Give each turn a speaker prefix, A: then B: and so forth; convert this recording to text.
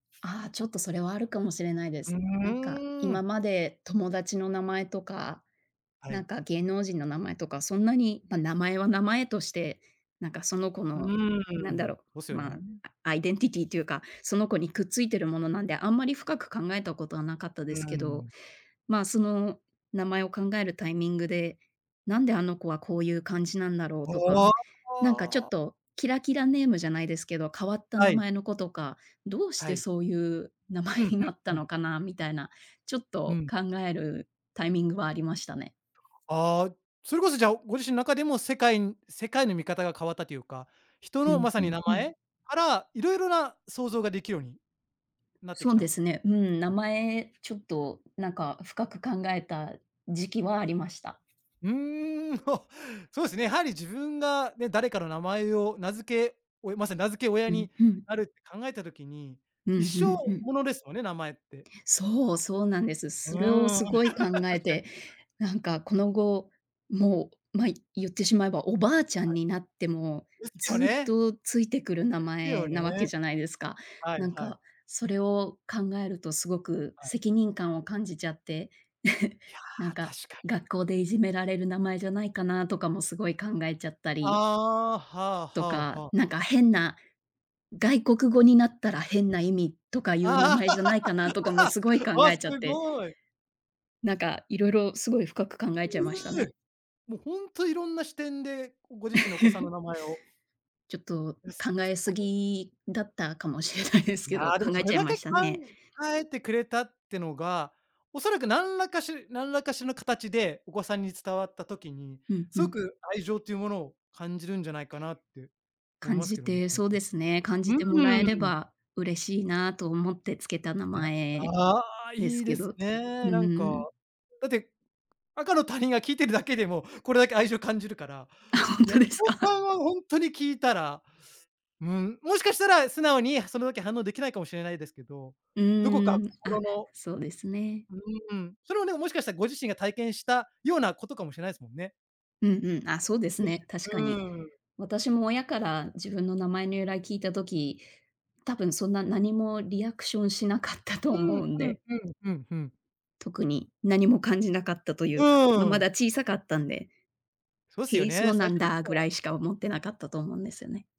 A: ああ、ちょっとそれはあるかもしれないで
B: うう
A: す。なんか、
B: ー
A: 今
B: ん。
A: まで友達の名前とか、
B: は
A: なん
B: い。
A: か芸能人の名前とか、そんなに、ま、名前は名前として、なんかその子
B: う
A: の、な
B: ー
A: んだ
B: ん。
A: ろ
B: そうす
A: う、
B: よ
A: ま、
B: ね。
A: あアイデンティティーていうか、その子にくっついてるものなんで、あんまり深く考えたことはなかった
B: う
A: で
B: ー
A: すけど。
B: ん。
A: ま、その名前を考えるタイミングで、なんであの子はこういう感じなんだろうとか、
B: ああ
A: なんかちょっ
B: ああ！
A: とキラキラネームじゃないですけど、変わった
B: は
A: 名
B: い。
A: 前の子とか、どうし
B: は
A: て
B: い。
A: そういう名前
B: うん、
A: に
B: ふん、
A: なっ
B: う
A: た
B: ん。
A: のかなみたいな、ちょっ
B: う
A: と
B: ん。
A: 考えるタイミングはありましたね。
B: ああ、それこそじゃあ、ご自身の中でも、世界ん世界の見方が変わったというか、人
A: う
B: の
A: ん、
B: まさ
A: ふ
B: に
A: ん
B: 名
A: ふん。
B: 前からいろいろな想像ができるようになってき
A: そう
B: た。
A: です
B: う
A: ね。うーん、名
B: ん。
A: 前ちょっとなんか深く考えた時期はありました。
B: うーん。お、そうすね、やはり自分が、ね、誰かの名前を名付け、おいまさに名付け親
A: うん、
B: に
A: ふん。
B: なるって考えた時に、
A: う
B: 一
A: ん、ふ
B: 生
A: んふん。
B: ものですよね、名前って。
A: そう、そうなんです。
B: う
A: それを
B: ーん。
A: すごい考
B: 確
A: え
B: かに。
A: て、なんかこの後、もう、ま、言ってしまえば、おばあちゃん
B: はい。
A: になっても、
B: ですよ
A: ずっ
B: ね！
A: とついてくる名
B: ですよ
A: 前なわけ
B: ね。
A: じゃないですか。
B: はい
A: なん
B: はい。
A: か、それを考えるとすごく
B: はい。
A: 責任感を感じちゃって。
B: いや、
A: なんか、
B: 確かに。
A: 学校でいじめられる名前じゃないかなとかも、すごい考えちゃったり
B: ああ。はあは
A: と
B: あ
A: か、
B: はあ。
A: なんか変な、外国語になったら変な意味とかいう名
B: ああ。
A: 前じゃないかなとかも、すごい 考
B: わ、
A: え
B: す
A: ちゃって。
B: ごい。
A: なんか、いろいろすごい深く考えちゃい
B: い、う
A: ました
B: え。
A: ね。
B: もうほんと、いろんな視点でご自身のお子さんの 名前を。
A: ちょっと
B: やす。
A: 考
B: す
A: え
B: っご
A: す
B: い。
A: ぎだったかもしれないですけ
B: な
A: ど、
B: ろ
A: 考え
B: そ
A: ち
B: れ
A: ゃい
B: だ
A: ま
B: け考
A: したね。
B: えてくれたってのが、おそらく何らかし何らかしの形でお子さんに伝わった時に、
A: うんう
B: すご
A: ん。
B: く愛情というものを感じるんじゃないかなって思い
A: 感
B: ます
A: じ
B: けどね。
A: て、そうですね、感
B: う
A: じてもらえれ
B: ーん。
A: ば嬉しいなと思ってつけた名
B: いや。
A: 前
B: ああ！
A: です
B: いい
A: け
B: で
A: ど。
B: す
A: う
B: ね。なんか。
A: ーん。
B: だって赤の他人が聴いてるだけでも、これだけ愛情を感じるから、
A: あ、ほん
B: いや、
A: とで
B: お
A: すか？
B: 子さ んはほんとに聞いたら、うん、もしかしたら素直にそれだけ反応できないかもしれないですけど、
A: う
B: どこか
A: ーん。あ、
B: 心の
A: そうですね。
B: ううーん、それはね、もしかしたらご自身が体験したようなことかもしれないすもんね。
A: うんうん。あ、そうです
B: でし
A: ね、確
B: う
A: かに。
B: ーん。
A: 私も親から自分の名前の由来聞いた時、多分そんな何もリアクションしなかったと
B: う
A: 思
B: ーん。
A: うん
B: うん、
A: で。
B: ふん、うん、ふん。
A: 特に何も感じなかったとい
B: う
A: うか、ま、ま
B: ー
A: だ
B: ん。
A: 小さかったんで
B: そうす
A: 「へ
B: よ
A: え、そ
B: ね、
A: うな
B: 最
A: ん
B: 初の
A: だ」ぐ
B: 頃
A: ら
B: は
A: いしか
B: うん。
A: 思ってなかったと思うんですよね。